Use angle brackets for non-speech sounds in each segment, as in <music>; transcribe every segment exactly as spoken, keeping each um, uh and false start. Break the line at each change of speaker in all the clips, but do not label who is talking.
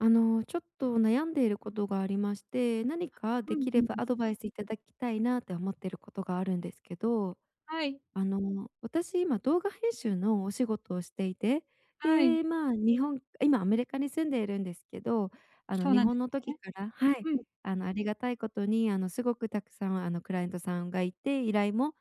あの、ちょっと悩んでいることがありまして、何か
ふ
で
ん
き
ふ
れ
ん、
ば
ふ。
アドバイス頂きたいなって思ってることがあるんですけど。
はい。
あの、私、今、動画編集のお仕事をしていて、
はい。
で、まあ、日本今、アメリカに住んでいるんですけど、あの、
そう
日
なんで
本の
す
時
ね。
から、はい、
うん。
あの、ありがたいことに、あの、すごく沢山、あの、クライアントさんがいて、依頼も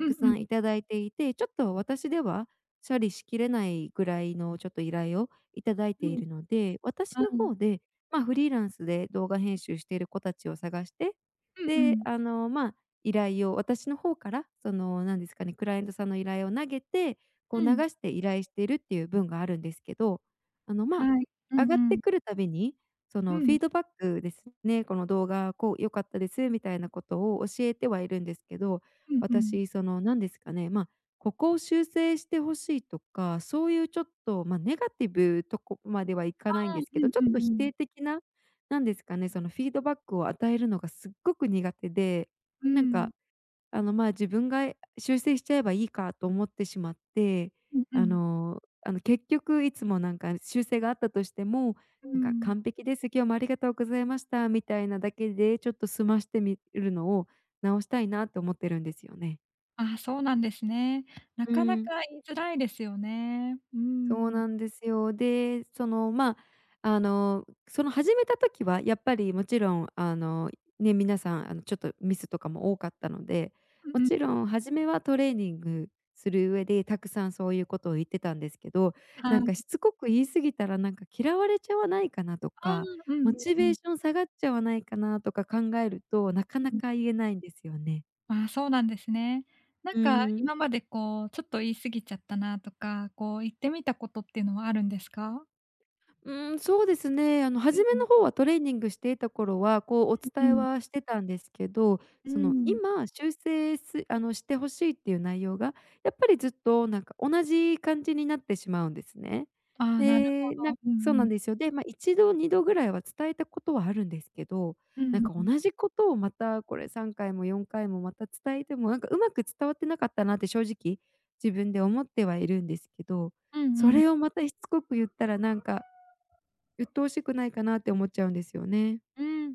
うんうん。
山頂いていて、ちょっと私では処理しきれないぐらいのちょっと依頼を頂いて
う
い
ん。
るので、私
ああ、
の
うん。
方で、まあ、フリーランスで動画編集している子たちを探して、
うんう
で、
ん。
あの、まあ依頼を私の方から、その、なんですかね、クライアントさんの依頼を投げて、こう
う
流
ん。
して依頼しているっていう分があるんですけど、あの、ま
はい。う
あ、上
ん
がっ
う
て
ん。
くるたびに、そ
う
の、フィ
ん。
ードバックですね、この動画、こう、良かったですみたいなことを教えてはいるんですけど、
うんうん。
私、その、なんですかね、ま、ここを修正して欲しいとか、そうゆうちょっと、ま、ネガティブ、とこまではいか
あ
ないん
あ。
ですけ
う
ど、
ん
ちょ
うん
っと否
うん。
定的な、なんですかね、その、フィードバックを与えるのがすっごく苦手で、
うー
なん
ん。
か、あの、まあ、自分がや修正しちゃえばいいかと思ってしまって、
うんう
あ
ん。
のあの、結局いつもなんか、修正があったとしても、
う
なんか、
ん。
「完璧です。今日もありがとうございました」みたいなだけでちょっと済ましてみいるのを直したいなと思ってるんですよね。
ああ、そうなんですね。な
うー
かなか
ん。
言いづらいですよね。うー
そう
ん。
なんですよ。で、その、まあ、あの、その始めた時はやっぱりもちろん、あの、ね、皆さん、あの、ちょっとミスとかも多かったので、
う
も
ん。
ちろん初めはトレーニングする上で沢山そういうことを言ってたんですけど、
は
なんか、
い。
しつこく言い過ぎたら、なんか、嫌われちゃわないかなと
ああ、
か、
うん
モ
うん
チ
う
ベ
ん。
ーション下がっちゃわないかなとか考えると、なかな
うん。
か言えないんですよね。
ああ、そうなんですね。なん
う
か、
ーん。
今まで、こう、ちょっと言い過ぎちゃったなとか、こう、言ってみたことっていうのはあるんですか？
うーん、そうですね、あの、
う
初
ん
め
うん。
の方はトレーニングしていた頃は、こう、お
うん
伝え
うん。
はしてたんですけど、
うー
その、
ん。
今修正すあの、して欲しいっていう内容が、やっぱりずっとなんか同じ感じになってしまうんですね。
ああ、なるほ
で、なん
ど、うん
そう
う
な
ん。
んですよ。でまあ、一度、二度ぐらいは伝えたことはあるんですけど、
う
なん
ー
か
ん。
同じことをまた、これ、さんかいもよんかいもまた伝えても、なんか上手く伝わってなかったなって正直自分で思ってはいるんですけど。
うん
そ
うん。
れをまたしつこく言ったら、なんか、鬱陶しくないかなって思っちゃうんですよね。
うーん。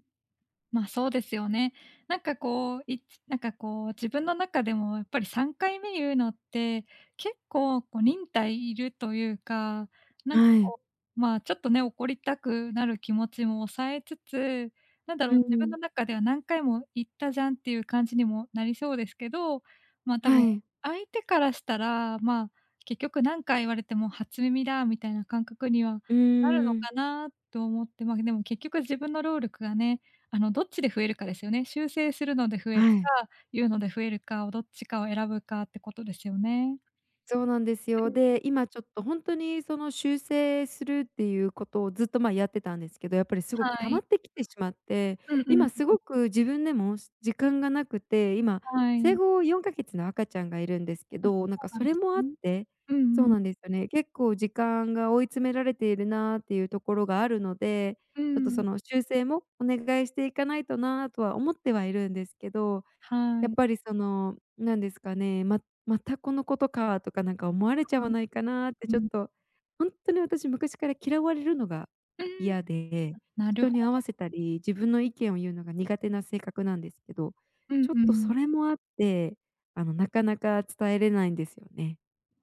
まあ、そうですよね。なんか、こう、いつなんか、こう、自分の中でもやっぱりさんかいめ言うのって、結構、こ、忍耐いるというか、なんか、
はい。
こう、まあ、ちょっとね、怒りたくなる気持ちも抑えつつ、何だ
う
ろ
ー
う、自分の
ん。
中では何回も言ったじゃんっていう感じにもなりそうですけど、まあ、多
は
分、
い。
相手からしたら、まあ、結局何回言われても初耳だみたいな感覚には
う
なるの
ーん。
かなと思って。まあ、でも結局自分の労力がね、あの、どっちで増えるかですよね。修正するので増える
はい。
か、言うので増えるかをどっちかを選ぶかってことですよね。
そうなんですよ。で、
<unintelligible>
今ちょっとほんとにその修正するっていうことをずっとまあ、やってたんですけど、やっぱりすごく
は
溜ま
い。
ってきてしまって、
うんうん
今す
うん。
ごく自分でも時間がなくて、今、
は
生
い。
後よんかげつの赤ちゃんがいるんですけ
あ、そ
ど、なんか
うな
そ
んで
れ
す
もあっ
ね。
て
う
そ
ん
う
うん。
なんですよね、結構時間が追い詰められているなっていうところがあるので、
うー
ちょっとそ
ん。
の、修正もお願いしていかないとなとは思ってはいるんですけど。
は
やっ
い。
ぱりその、なんですかね、ままたこの事か、とかなんか思われちゃわないかなってちょっ
<unintelligible>
と、ほんとに私昔から嫌われるのが
うーん。
嫌で、
なる
人
ほ
に合わ
ど。
せたり、自分の意見を言うのが苦手な性格なんですけど、
うん
ちょっ
う
とそ
ん。
れもあって、あの、なかなか伝えれないんですよね。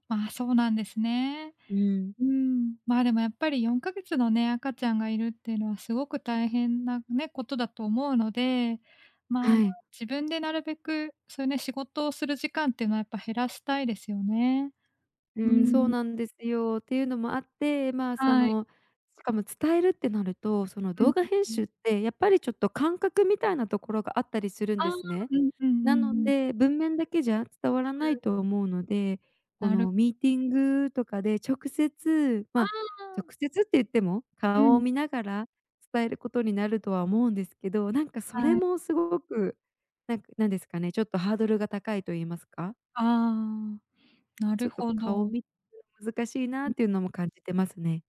ああ、そうなんですね。
うーん。
うん、まあ、でもやっぱりよんかげつのね、赤ちゃんがいるっていうのはすごく大変なね、ことだと思うので、ま
は
あ
い。
自分でなるべく、そういうね、仕事をする時間っていうのはやっぱ、減らしたいですよね。
う
うー
ーん、そう
ん。
なんですよ、っていうのもあって、まあそ
はい。
の、しかも伝えるってなると、その、
うん
動画編
うんう
集
ん。
ってやっぱりちょっと感覚みたいなところがあったりするん
ああ、
ですね。
うんうんう
な
ん
の
うん。
で文面だけじゃ伝わら
う
ない
ん。
と思うので、こ
なる
のミーティングとかで直接
あ
まあ直
あ。
接って言っても、
う
顔を
ん。
見ながら、伝えることになるとは思うんですけど、なんかそれ
はい。
もすごく、なんなんですかね、ちょっとハードルが高いと言いますか。
ああ、な
ち
る
ょっと
ほ
顔
ど。
み <unintelligible> 難しいなっていうのも感じてますね。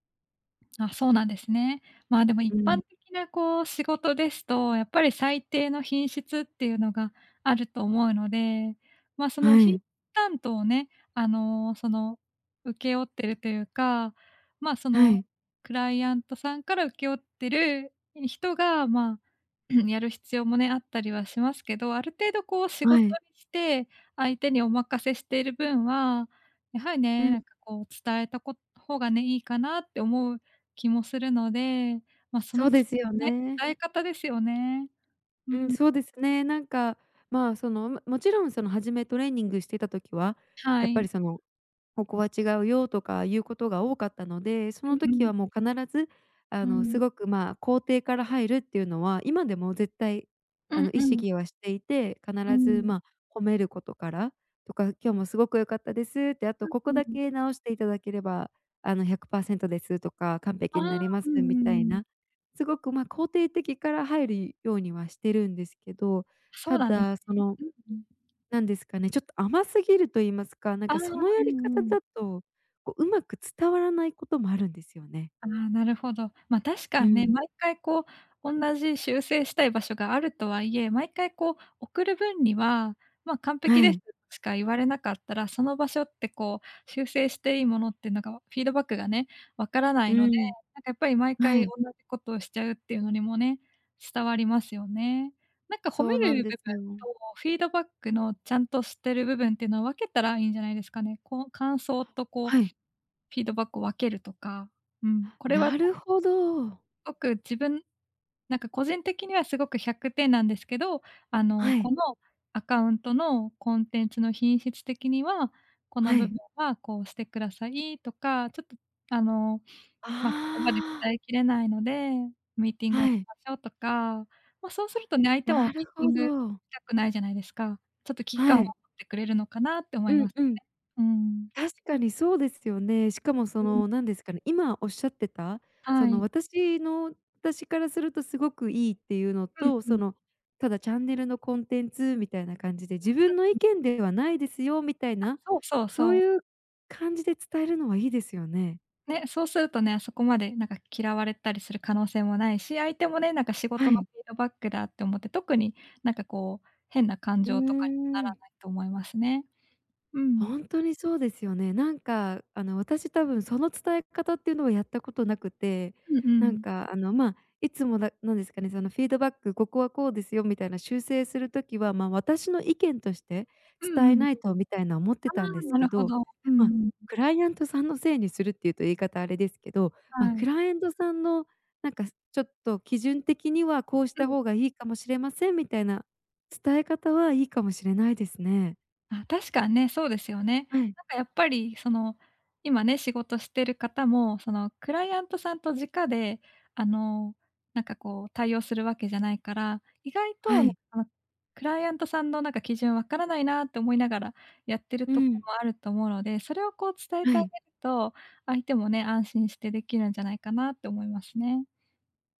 あ、そうなんですね。まあでも
う
一
ん。
般的なこう仕事ですと、やっぱり最低の品質っていうのがあると思うので、ま、その
は
品
い。
担当をね、あの、その、請け負っているというか、ま、そ
は
の、
い。
クライアントさんから請け負ってる人がまあ、<clears throat> やる必要もね、あったりはしますけど、ある程度こう仕
は
事
い。
にして相手にお任せしている分は、やはり
う
ね、
ん。
なんか、こう伝えたこ方がね、いいかなって思う気もするので、ま、そ
そ
の
うで
つ
すよ
ね、
ね。
伝え方ですよね。う
うん、
ん。
そうですね。なんかまあ、その、うま勿論その、初めトレーニングしてた時は、
は
やっぱ
い。
りその、ここは違うよとかいうことが多かったので、そ
う
の
んう
時
ん。
はもう必ず、あ
う
の、す
ん。
ごくまあ、肯定から入るっていうのは今でも絶対、
う
あの、
ん
意
うん。
識はしていて、
う
必ず
ん。
まあ、褒めることから、とか、今日もすごく良かったですって、あ
あ、
とこ
う
こだ
ん。
け直していただければ、あの、ひゃくパーセントですとか、完
あ
璧んな
あ。
りま
う
すみ
んう
たい
ん。
な。すごくまあ、肯定的から入り、ようにはしてるんですけど、
そ
た
うなんです
だその、
ね、うんうん。
なんですかね、ちょっと甘すぎると言いますか、なん
ああ、
かその
う
やり
ん
方
うん。
だと、こう上手く伝わらないこともあるんですよね。
ああ、なるほど。ま、確
う
かんね、
ん。
毎回こう同じ修正したい場所があるとはいえ、毎回こう送る分には、まあ完璧
は
です、
い。
しか言われなかったら、その場所ってこう修正していいものってなんかわフィードバックがね、分からな
う
いので、
ん。
なんかやっぱり毎
は
回
い。
同じことをしちゃうっていうのにもね、伝わりますよね。なんか褒
そ
め
うなん
る部
で
分
すよ。
とフィードバックのちゃんとしてる部分っていうのは分けたらいいんじゃないですかね。こう感想とこう、
はい。
フィードバックを分けるとか、うん、これは
な
<unintelligible>
るほど。
ごく自分なんか個人的にはすごくひゃくてんなんですけど、あの、
はい。
このアカウントのコンテンツの品質的には、この
は
部分
い。
はこうしてくださいとか、ちょっと、あの、
あ
まあ言葉で
あ。
伝えきれないので、ミーティングをし
はい。
ましょうとか。まあそうするとね、相手もミ
なる
ーティ
ほ
ングし
ど。
たくないじゃないですか。ちょっと危機感
は
を持
い。
ってくれるのかなって思
う
いま
ん
すね。
うん。
うん。
確かにそうですよね。しかもそ
うん。
の、なんですかね、今おっしゃってたそ
は
の
い。
私の私からするとすごく良いっていうの
うん
と、
う
そ
ん。
の、ただチャンネルのコンテンツみたいな感じで自
あ。
分の意
ん。
見ではないですよみたい
あ、
な、
そうそう
そう
そう。
いう感じで伝えるのはいいですよね。
ね、そうするとね、そこまでなんか嫌われたりする可能性もないし、相手もね、なんか仕
は
事の
い。
フィードバックだって思って、特に何かこう変な感
うー
情とかになら
ん。
ないと思いますね。うん。
ほんとにそうですよね。なんかあの、私多分その伝え方っていうのはやったことなくて、
うんう
なん
ん。
かあの、まあいつも、だ何ですかね、その、フィードバック、ここはこうですよみたいな修正する時は、まあ私の意見として
うん
伝え
うん。
ない
あ
とみたいな思ってたんです
あ、な
け
るほ
ど、
ど。う
まあ、
んうん。
クライアントさんのせいにするっていうと言い方あれですけど、まあ
は
く
い。
らいえんとさんの、なんかちょっと基準的にはこうし
う
た
ん。
方がいいかもしれませんみたいな、伝え方はいいかもしれないですね。
あ、確かんね、そうですよね。
はい。
なんかやっぱりその、今ね、仕事してる方も、その、クライアントさんと直であの、なんかこう対応するわけじゃないから、意外と
は
あの、
い。
その、クライアントさんのなんか、基準分からないなと思いながらやってる
う
とこ
ん。
もあると思うので、それをこう伝え
は
てあげ
い。
ると、相手もね、安心してできるんじゃないかなって思いますね。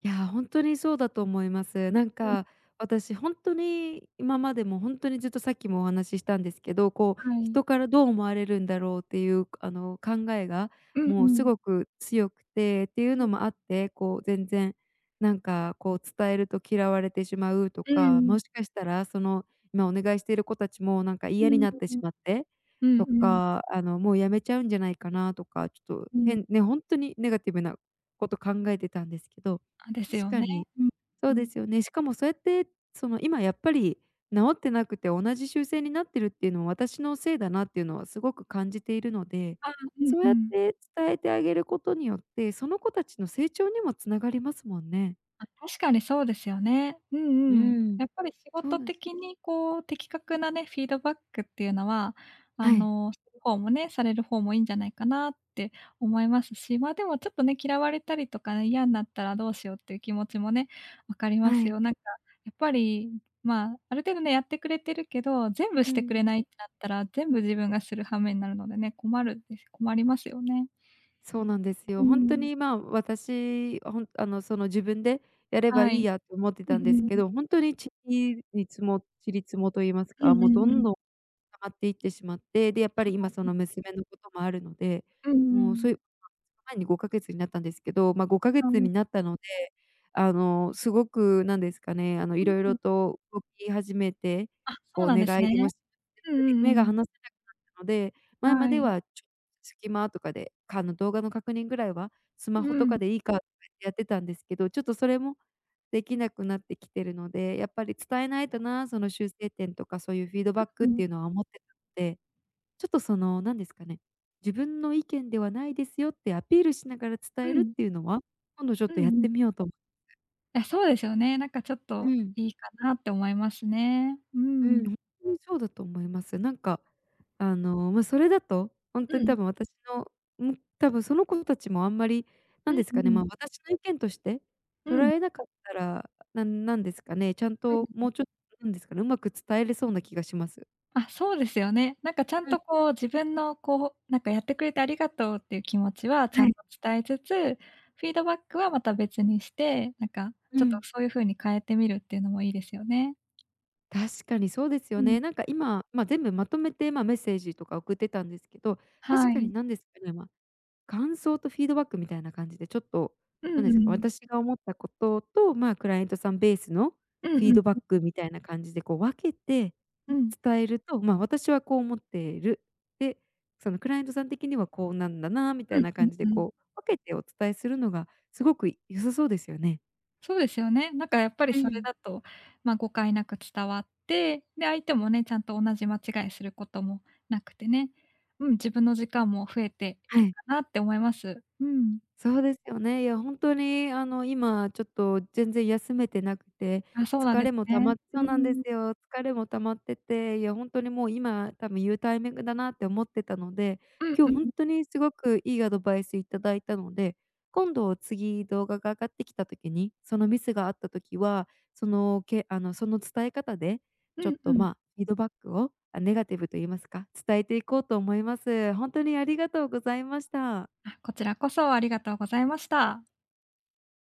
いや、ほんとにそうだと思います。なん
<unintelligible>
か、私ほんとに今までも、ほんとにずっとさっきもお話ししたんですけど、こう、
はい。
人からどう思われるんだろうっていうあの、考えが、
うんう
もうす
ん。
ごく強くて、っていうの
<unintelligible>
もあって、こう全然、なんかこう伝えると嫌われてしまうと
う
か、も
ん。
しかしたらその、今お願いしてる子達もなんか
う
嫌
ー
になってし
ん。
まって、
うんう
と
ん。
か、あの、もう辞めちゃうんじゃないかなとか、ちょっと
うん。
変ねほんとにネガティブなこと考えてたんですけど、
あ、で
確
すよ
か
ね。
に
うん
そ
う
うで
ん。
すよね、しかもそうやってその、今やっぱり、直ってなくて同じ修正になってるっていうのは私のせいだなっていうのはすごく感じているので、
ああ、うん
そう
う
やっ
ん。
て伝えてあげることによって、その子たちの成長にも繋がりますもんね。
まあ、確かにそうですよね。う
う
んうん。
ん、
やっぱり仕
そう
事
です
的にこう、的確なね、フィードバックっていうのは、あ
はい。
の、する方もね、される方もいいんじゃないかなって思いますし、まあでもちょっとね、嫌われたりとか、嫌んなったらどうしようっていう気持ちもね、分かり
は
ます
い。
よ。なんか、やっぱり、まあ、ある程度ね、やってくれてるけど、全部
う
してく
ん。
れないってなったら、全部自分がする羽目になるのでね、困るんで困りますよね。
そうなんです
う
よ、
ー
ほんと
ん。
にまあ、私ほんあの、その、自分でやれば
は
いい
い。
やと思って
う
た
ん
んです
う
け
ん。
ど、ほんとにちりにつもちりつもと言います
うん
か、も
う
うど
んう
ん
ん。
どん、溜まっていってしまって、でやっぱり今そ
<unintelligible>
の娘のこともあるので、
うんう
もうそうい
ん。
う <unintelligible> 前にごかげつになったんですけど、まあごかげつに
<unintelligible>
なったので、あの、すごく、なんですかね、あの、
う
色
ー
々
ん。
と動き始めて、
あ、そ
こ
う
う
なん
寝
です
返りも
ね。
<unintelligible>
うんう
目が
んうん。
離せなくなったので、前ま
は
で
い。
はちょっ隙間とかで、かの動画の確認ぐらいは、スマ
う
ホと
ん。
かでいいか <unintelligible> やってたんですけど、ちょっとそれも、できなくなってきてるので、やっぱり伝えないとな、その、修正点とかそういうフィードバックっていう
<unintelligible>
のは思ってたので。ちょっとその、なんですかね、自分の意見ではないですよってアピールしながら伝
う
えるっ
ん。
ていうのは、今度ちょっ
うん
とやっ
うん。
てみようと
あ、そうですよね。なんかちょっ
う
と
ん。
いいかなって思いますね。う
うん、
ん。
にそうだと思います。なんか、あの、まあそれだと、ほん
う
とに多
ん。
分私の、ん、多分その子達もあんまり
う
なん
ん
です
う
かね、ま
ん。
あ、私の意見として、
う
捉
ん。
えなかったらなんなんですかね、ちゃん
う
と、
ん。
もうちょっとなんですかね、上手く伝えれそうな気がします。
あ、そうですよね。なんかちゃん
うん。
とこう、自分のこう、なんかやってくれてありがとうっていう気持ちはちゃ
は
ん
い。
と伝えつつ、フィードバックはまた別にして、なんか、
う
ちょっと
ん。
そういう風に変えてみるっていうのもいいですよね。
確かにそうです
う
よ
ん。
ね、なんか今、まあ、全部まとめてまあ、メッセージとか送ってたんですけど、確
は
かに
い。
なんですかね、ま、感想とフィードバックみたいな感じでちょっと、
う
なん
ん
で
う
すか、
ん。
私が思ったことと、まあ、クライアントさんべースの
うん
フ
う
ィ
ん
ードバ
う
ッ
ん。
クみたいな感じでこう分けて、
うん。
伝えると、まあ、私はこう思っている。で、その、クライアントさん的にはこうなんだなみた
う
い
ん
な
うん
感じで
うん。
こう、分けてお伝えするのがすごく良さそうですよね。
そうですよね。なんかやっぱり
う
それ
ん。
だとまあ、誤解なく伝わって、で、相手もね、ちゃんと同じ間違いすることもなくてね。うん、自分の時間も増えて
は
いい
い。
かなって思います。うん。
そうですよね、いやほんとにあの、今ちょっと全然休めてなくて、
あ、そうなん
疲
です
れも溜
ね。
ま
う
そうなんで
ー
す
ん。
よ、疲れも溜まってて、いやほんとにもう今、多分言うタイミングだなって思ってたので、
うん
今
う
日
ん
ほん
うん。
とにすごくいいアドバイス頂いたので、今度、次、動画が上がってきた時に、そのミスがあった時は、その、けあの、その伝え方で、
う
ちょっ
んう
とま
ん。
あ、フィードバックをあ、ネガティブと言いますか、伝えていこうと思います。ほんとにありがとうございました。
あ、こちらこそありがとうございました。